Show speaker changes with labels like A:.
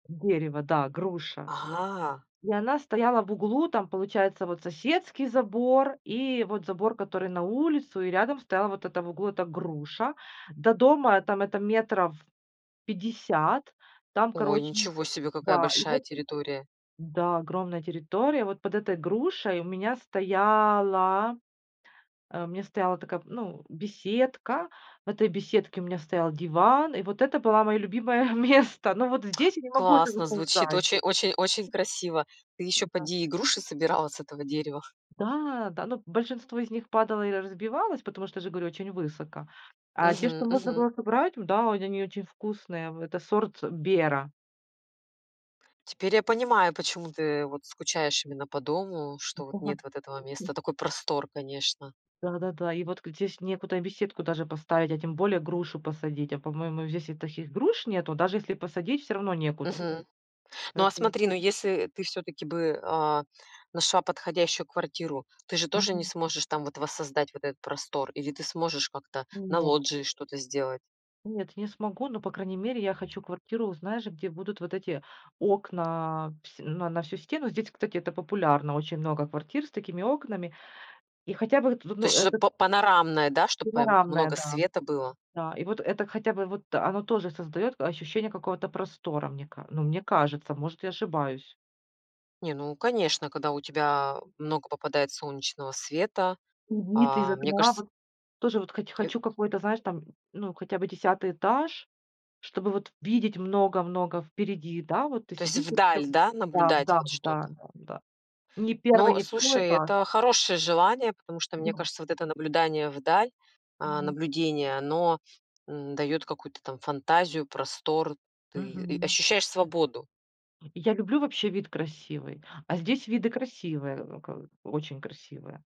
A: Дерево, да груша.
B: А.
A: И она стояла в углу, там получается вот соседский забор, и вот забор который на улицу, и рядом стояла вот эта в углу эта груша. До дома там это метров 50, там
B: Ой,
A: короче
B: ничего себе, какая
A: да, и
B: большая
A: вот
B: территория.
A: да, огромная территория. Вот под этой грушей у меня стояла, а, у меня стояла такая, м, ну, беседка. В этой беседке у меня стоял диван, и вот это было мое любимое место. Но вот здесь я не могу этого
B: Классно звучит,
A: создать.
B: очень очень очень красиво. Ты ещё,
A: Да.
B: поди, и груши собирала с этого дерева.
A: Да, да, но большинство из них падало и р разбивалось, потому что, я же говорю, очень высоко. А те,
B: Мгм,
A: что можно
B: мгм.
A: было собрать, ну да, вот они очень вкусные. В это сорт "Бера".
B: Теперь я понимаю, почему ты вот скучаешь именно по дому, что вот
A: Да,
B: нет вот этого
A: м.
B: места. Такой простор, конечно.
A: Да-да-да. И вот г здесь некуда и беседку даже поставить, а тем более грушу посадить. А по-моему здесь и таких груш нету, даже если посадить, всё равно некуда.
B: Мгм. Ну, а
A: Поэтому
B: смотри, ну, если ты всё-таки бы, а, нашла подходящую квартиру, ты же тоже не
A: Мгм.
B: сможешь там вот воссоздать вот этот простор, или ты сможешь как-то
A: Ну,
B: на
A: нет.
B: лоджии что-то сделать?
A: Нет, я не смогу. Но, по крайней мере, я хочу квартиру, знаешь, где будут вот эти окна, вс на на всю стену. Здесь, кстати, это популярно, очень много квартир с такими окнами. И хотя бы, тут,
B: То
A: ну,
B: есть что-то
A: это
B: па панорамное, да, чтобы по
A: Панорамные,
B: много
A: да.
B: света было?
A: Да, и вот это, хотя бы вот оно тоже создает к ощущение какого-то простора, мне ка ну, мне кажется. Может, я ошибаюсь.
B: Не, ну конечно, когда у тебя много попадает солнечного света,
A: М, вид из
B: а, мне
A: окна,
B: кажется
A: вот. Тоже вот хоть
B: Э
A: хочу какой-то, знаешь, там, ну, хотя бы 10 этаж, чтобы вот видеть много много впереди. Да, вот, ты
B: То есть
A: сидишь и всё,
B: вдаль, да,
A: да,
B: наблюдать
A: да,
B: вот
A: да,
B: что-то.
A: да, да. Ни 1,
B: Ну,
A: ни 2
B: слушай,
A: эта
B: это хорошее желание, потому что, мне
A: Да.
B: кажется, вот это наблюдание вдаль, а,
A: Мгм.
B: наблюдение, оно, м, даёт какую-то там фантазию, простор, ты, э,
A: Мгм.
B: ощущаешь свободу.
A: Я люблю вообще вид красивый, а здесь виды красивые, ка очень красивые.